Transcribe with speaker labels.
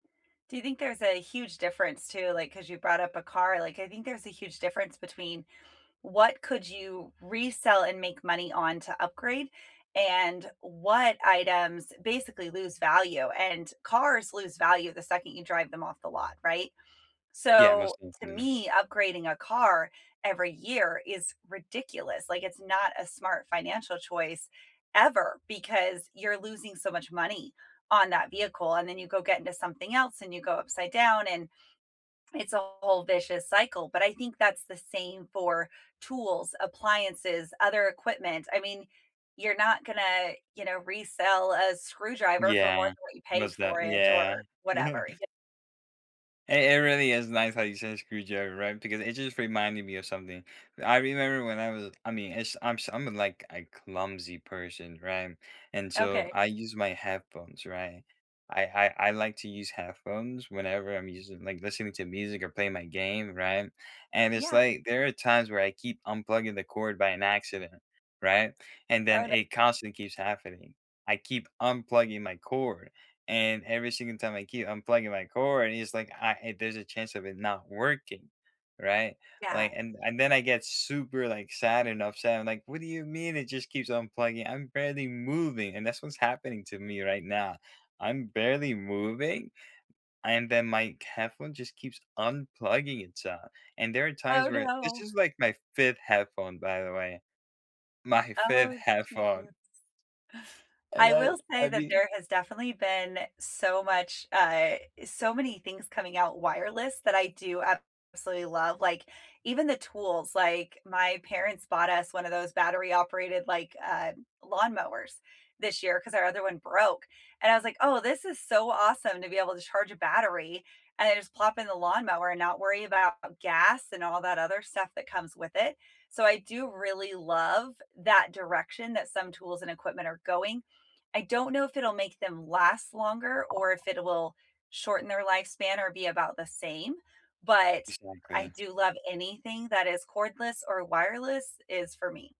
Speaker 1: Do you think there's a huge difference, too, like, 'cause you brought up a car? Like, I think there's a huge difference between what could you resell and make money on to upgrade, and what items, basically, lose value, and cars lose value the second you drive them off the lot, right?
Speaker 2: Yeah,
Speaker 1: So,
Speaker 2: must have
Speaker 1: to
Speaker 2: been in the
Speaker 1: me, upgrading a car every year is ridiculous. Like, it's not a smart financial choice, ever, because you're losing so much money on that vehicle, and then you go get into something else, and you go upside down, and it's a whole vicious cycle, but I think that's the same for tools, appliances, other equipment, I mean, you're not gonna, you know, resell a screwdriver for more
Speaker 2: Yeah.
Speaker 1: than what you paid
Speaker 2: What's
Speaker 1: for
Speaker 2: that?
Speaker 1: it, or
Speaker 2: Yeah.
Speaker 1: whatever, y
Speaker 2: Hey, it really is nice how you say screwdriver, right, because it just reminded me of something. I remember when I was I mean, it's I'm s I'm a like, a clumsy person, right? And so
Speaker 1: Okay.
Speaker 2: I use my headphones, right? I I I like to use headphones whenever I'm using like, listening to music, or playing my game, right? And it's
Speaker 1: Yeah.
Speaker 2: like, there are times where I keep unplugging the cord by an accident, right? And
Speaker 1: Oh,
Speaker 2: then
Speaker 1: n
Speaker 2: it constantly keeps happening. I keep unplugging my cord, and every single time I keep unplugging my cord, and it's like, I and there's a chance of it not working, right?
Speaker 1: Yeah.
Speaker 2: Like, and and then I get super, like, sad and upset. I'm like, "What do you mean it just keeps unplugging? I'm barely moving," and that's what's happening to me right now. I'm barely moving, and then my headphone just keeps unplugging itself, and there are times
Speaker 1: Oh,
Speaker 2: where this
Speaker 1: no.
Speaker 2: is, like, my 5th headphone, by the way. My 5th
Speaker 1: Oh,
Speaker 2: headphone.
Speaker 1: Jesus.
Speaker 2: And
Speaker 1: I
Speaker 2: I
Speaker 1: will say
Speaker 2: I
Speaker 1: that
Speaker 2: mean
Speaker 1: there has definitely been so much, uh so many things coming out wireless that I do absolutely love, like, even the tools, like, my parents bought us one of those battery-operated, like, uh, lawnmowers this year, 'cause our other one broke, and I was like, "Oh, this is so awesome to be able to charge a battery, and then just plop in the lawnmower and not worry about gas, and all that other stuff that comes with it." So I do really love that direction that some tools and equipment are going. I don't know if it'll make them last longer, or if it will shorten their lifespan, or be about the same, but I
Speaker 2: Exactly.
Speaker 1: do love anything that is cordless or wireless, is for me.